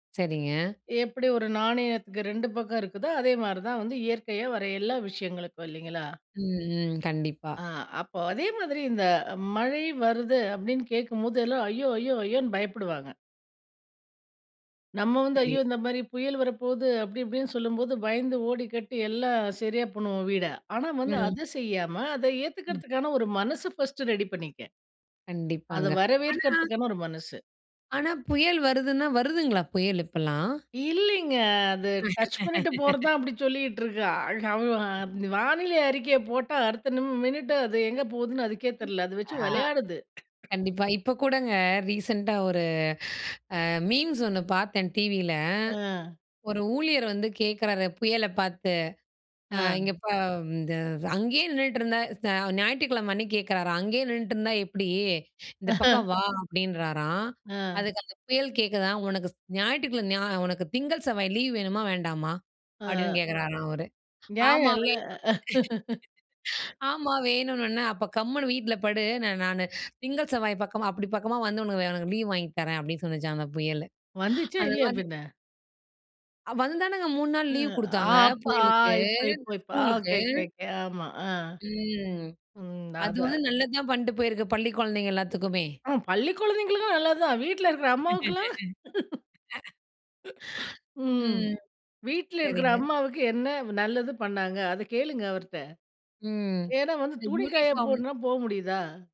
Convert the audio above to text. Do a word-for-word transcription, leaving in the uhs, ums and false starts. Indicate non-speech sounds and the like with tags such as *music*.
சரிங்க. எப்படி ஒரு நாணயத்துக்கு ரெண்டு பக்கம் இருக்குதோ அதே மாரி தான் வந்து, இயற்கையா வர எல்லா விஷயங்களுக்கும் இல்லைங்களா? ம். ம் கண்டிப்பா. ஆ அப்போ அதே மாதிரி, இந்த மழை வருது அப்படின்னு கேக்கும்போது, எல்லா "ஐயோ! ஐயோ! ஐயோன்னு" பயப்படுவாங்க. நம்ம வந்து "ஐயோ! சரி. இந்த மாரி புயல் வரப்போவுது." அப்படி, இப்படின்னு சொல்லும்போது பயந்து ஓடி கட்டி எல்லா சரியா பண்ணுவோம் வீட. ஆனா, வந்து ம். அதை செய்யாமா, அதை ம். ஏத்துக்கறதுக்கான ஒரு மனசு ஃபர்ஸ்ட் ரெடி பண்ணிக்க. அத கண்டிப்பாங்க. ஆனா வரவேற்கதற்கான ஒரு மனசு. ஆனா, புயல் வருதுன்னா வருதுங்களா புயல் இப்பல்லாம்? இல்லைங்க. அது டச் பண்ணிட்டு *laughs* போறதான் அப்படி சொல்லிட்டு இருக்கா. ஆ அவ் அந்த வானிலை அறிக்கைய போட்டா, அடுத்த மினிட்டு அது எங்க போவுதுன்னு அதுக்கே ம். தெரியல்ல. அதை வச்சு ஆ விளையாடுது. *coughs* கண்டிப்பா. இப்ப கூடங்க ரீசென்ட்டா ஒரு அ மீம்ஸ் ஒண்ணு பார்த்தேன் டிவியில, அ. ஒரு ஊழியர் வந்து கேட்கறாரு புயல பார்த்து, அ இங்க அ. இப்போ இந்த "அங்கேயே நின்னுட்ருந்தா" ஞாயிற்றுக்கிழமை, அன்னிக்கு கேட்குறாராம், "அங்கேயே நின்னுட்ருந்தா எப்படி? இந்த பக்கம் *chuckles* வா!" அப்படின்றாராம். ஆ. அதுக்கு அந்த புயல் கேட்குதாம். "உனக்கு ஸ் ஞாயிற்றுக்கிழமை ஞா உனக்கு திங்கள், செவ்வாய் லீவ் வேணுமா வேண்டாமா?" அப்படின்னு ஆ. கேட்குறாராம் அவுரு. நியாயம் இல்ல. ஆமாவே *laughs* *laughs* "ஆமா வேணும்னோன" "அப்போ கம்முனு வீட்டுல படு. நானு திங்கள் செவ்வாய் பக்கமா, அப்படி பக்கமா வந்து உனக்கு உனக்கு லீவ் வாங்கி தரேன்." அப்படின்னு சொல்லுச்சாம் அந்த புயல். வந்துச்சா? அந்த இல்லையா? மாரி பின்ன. அ வந்தானுங்க மூணு நாள் லீவ் ம். ஆ குடுத்தாங்க அப்ப ஆ புயலுக்கு. இப்ப இப்ப. ஆ! ஸ்கூலுக்கு. Okay okay okay. ஆமா அ. ம். ம். அத அதுவும் நல்லதுதான் பண்ணிட்டு போயிருக்கு, பள்ளிக் குழந்தைங்க எல்லாத்துக்குமே. ஆ பள்ளிக் குழந்தைகளுக்கு நல்லதுதான். வீட்ல இருக்குற அம்மாவுக்கெல்லாம்? *laughs* *laughs* *chuckles* ம். ம். வீட்டுல இருக்குற சரிங்க. அம்மாவுக்கு என்ன நல்லது பண்ணாங்க? அத கேளுங்க அவர்ட்ட. ம். ஏன்னா வந்து இந்த துணி காய யூனிஃபார்ம் போடுனா, போ முடியுதா?